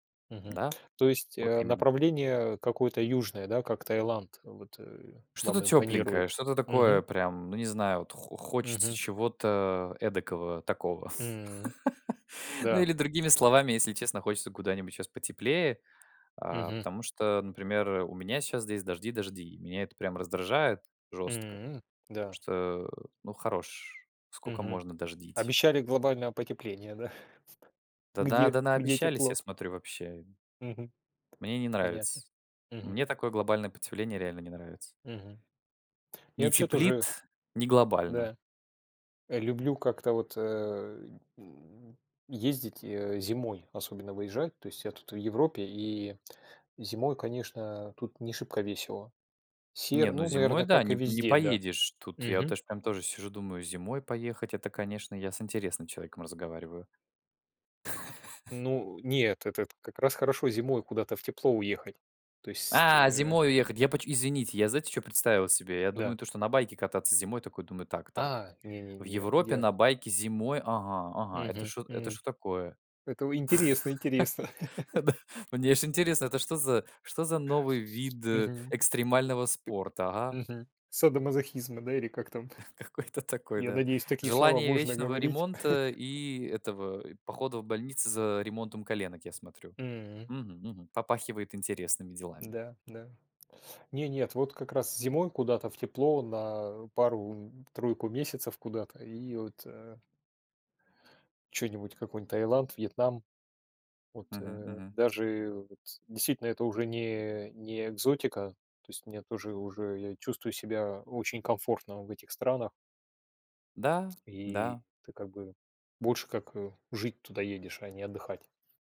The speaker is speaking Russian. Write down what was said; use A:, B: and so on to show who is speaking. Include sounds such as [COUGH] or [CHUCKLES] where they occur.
A: Мгм.
B: Да,
A: То есть,
B: вот
A: а,
B: именно.
A: направление какое-то южное, да, как Таиланд, вот, э,
B: Что-то
A: вам
B: тепленькое,
A: импонирует?
B: что-то такое
A: Мгм.
B: прям, ну, не знаю, вот хо хочется
A: Мгм.
B: чего-то эдакого такого.
A: М.
B: [LAUGHS] Ну,
A: Да.
B: или другими словами, если честно, хочется куда-нибудь щас потеплее. А,
A: Мгм.
B: потому что, например, у меня щас здесь дожди дожди. И меня это прям раздражает жестко.
A: М. Да.
B: Что ну, хорош, сколько
A: Мгм.
B: можно дождить.
A: Обещали глобальное потепление, да? [CHUCKLES]
B: Да-да,
A: Где
B: да,
A: где
B: наобещались, я
A: тепло?
B: смотрю, вообще.
A: Мгм.
B: Мне не
A: Понятно.
B: нравится.
A: Мгм.
B: Мне такое глобальное потепление реально не нравится.
A: Мгм. Я
B: Не
A: вообще тоже
B: теплит, не глобально.
A: Да. Э, люблю как-то вот, э, м, ездить, э, зимой, особенно выезжать. То есть я тут в Европе, и зимой, конечно, тут не шибко весело.
B: Не,
A: Серо,
B: ну
A: ну,
B: зимой
A: наверно,
B: да,
A: как и
B: не не
A: везде, да.
B: поедешь. Тут я
A: Мгм.
B: тоже прям тоже сижу, думаю: "Зимой поехать? Это, конечно, я с интересным человеком разговариваю". [CHUCKLES]
A: Ну, нет, этот как раз хорошо зимой куда-то в тепло уехать. То есть,
B: А,
A: э-э
B: зимой уехать! Я почем Извините, я знаете чё представил себе? Я думаю
A: Да.
B: то, что на байке кататься зимой, такой думаю: "Так-так.
A: А! Не не
B: В
A: не я
B: Европе
A: я
B: на байке зимой. Ага-ага, это
A: Мгм.
B: что это
A: М.
B: что такое?"
A: Это вы интересно интересно.
B: [CHUCKLES]
A: [CHUCKLES]
B: Да. Мне аж интересно, это что за что за новый вид
A: Мгм.
B: экстремального спорта? Ага.
A: Мгм. Садомазохизма, да, или как там?
B: Какой-то
A: [CHUCKLES]
B: такой,
A: Я
B: да.
A: надеюсь, такие слова
B: Желание
A: можно
B: вечного
A: говорить.
B: ремонта
A: [CHUCKLES]
B: и этого, и похода в больницы за ремонтом коленок, я смотрю.
A: М.
B: Мгм мгм. Попахивает интересными делами.
A: Да, да. Не нет, вот как раз зимой куда-то в тепло, на пару, м, тройку месяцев куда-то, и вот э чё-нибудь, какой-нибудь Таиланд, Вьетнам. Вот,
B: Мгм
A: э,
B: мгм.
A: даже вот, действительно, это уже не не экзотика. То есть мне, уже уже я чувствую себя очень комфортно в этих странах
B: Да,
A: и
B: да.
A: ты как бы, больше как, а, жить туда едешь, а не отдыхать.